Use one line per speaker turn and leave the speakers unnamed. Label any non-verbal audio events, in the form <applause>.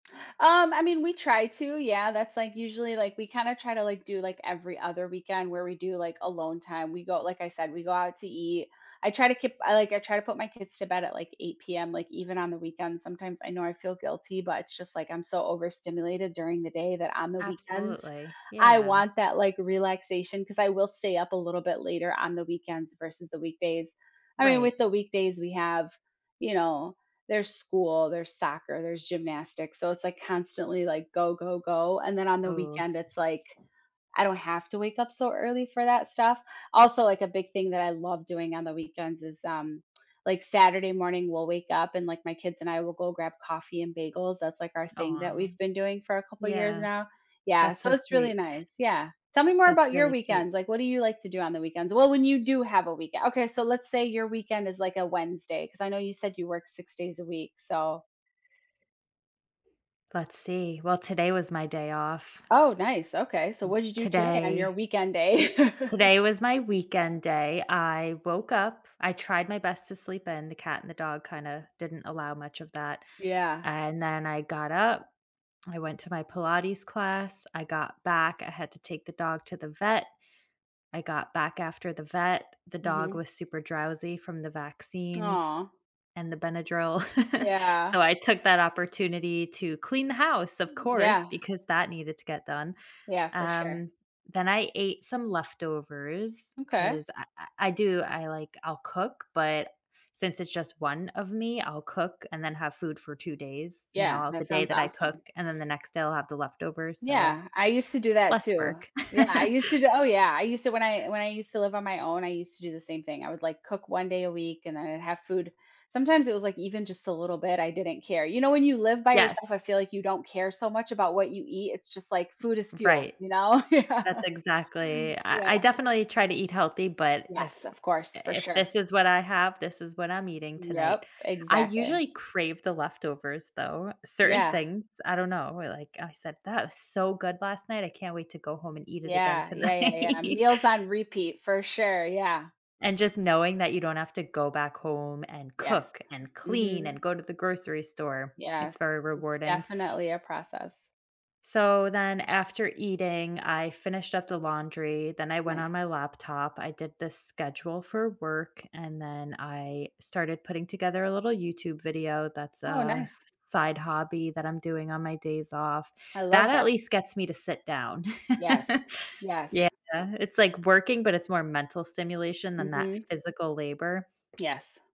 Um, I mean, we try to, yeah, that's, like, usually, like, we kinda try to, like, do, like, every other weekend where we do, like, alone time, we go like, I said, we go out to eat. I try to keep I like, I try to put my kids to bed at, like, 8:00 PM, like, even on the weekends, sometimes. I know I feel guilty, but it's just, like, I'm so overstimulated during the day that on the weekends,
Absolutely,
I
yeah.
want that, like, relaxation 'cause I will stay up a little bit later on the weekends versus the weekdays. I mean,
Right.
with the weekdays we have you know, there's school, there's soccer, there's gymnastics, so, it's, like, constantly, like, "Go, go, go," and then on the
Oh.
weekend,
<chuckles>
it's, like, I don't have to wake up so early for that stuff. Also, like, a big thing that I love doing on the weekends is, um, like, Saturday morning, we'll wake up and, like, my kids and I will go grab coffee and bagels, that's, like, our thing that
Aw.
we've been doing for a couple years
Yeah.
now. Yeah,
That's
so,
so
it's really
sweet.
nice, yeah. Tell me more
That's
about your
really cute.
weekends, like, what do you like to do on the weekends? Well, when you do have a week uh, okay, so, let's say your weekend is, like, a Wednesday, 'cause I know you said you work 6 days a week, so
Let's see, well, today was my day off.
Oh, nice, okay, so
Hmm,
what you do today on your
today
weekend day? <chuckles>
today was my weekend day. I woke up, I tried my best to sleep in, the cat and the dog kinda, didn't allow much of that.
Yeah.
And then I got up, I went to my Pilates class, I got back, I had to take the dog to the vet, I got back after the vet, the dog
Mhm.
was super drowsy from the vaccines
Aw.
and the Benadryl, <chuckles>
Yeah.
so I took that opportunity to clean the house, of
Mhm,
course,
yeah.
because that needed to get done.
Yeah, for sure.
Um, then I ate some leftovers
M'kay.
'cause I I I do I, like I'll cook, but since it's just 1 of me, I'll cook and then have food for 2 days, you
Yeah,
know, the
that
day
sounds
that I cook,
awesome.
and then the next day, I'll have the leftovers, so, I
Yeah, I used to do that,
less
too.
work.
Yeah, I used to do Oh, yeah, I used to when I
<laughs>
when I used to live on my own, I used to do the same thing, I would, like, cook 1 day a week, and then I'd have food Sometimes it was, like, even just a little bit, I didn't care. You know, when you live by yourself, I
Yes.
feel like you don't care so much about what you eat, it's just like food is fuel,
Right.
you know? Yeah.
That's exactly I I
Yeah.
definitely try to eat healthy, but if
Yes, of course,
i
for
if
sure.
this is what I have, this is what I'm eating tonight.
Yep,
I
exactly.
usually crave the leftovers, though, certain
Yeah.
things, I don't know, where, like, I said, "That was so good last night, I can't wait to go home and eat it again
Yeah, yeah, yeah, yeah,
tonight."
meals on repeat, for sure, yeah.
And just knowing that you don't have to go back home and
Yes,
cook and clean and
mhm.
go to the grocery store. It's
Yes,
very
<swallows> it's
rewarding.
definitely a process.
So, then after eating, I finished up the laundry, then I went on
Nice.
my laptop, I did the schedule for work, and then I started putting together a little YouTube video that's
Oh,
a
nice.
side hobby that I'm doing on my days off;
I
that
love
at
that.
least gets me to sit down.
Yes.
<chuckles>
Yes.
Yeah, it's like working, but it's more mental stimulation than that
Mm.
physical labor.
Yes.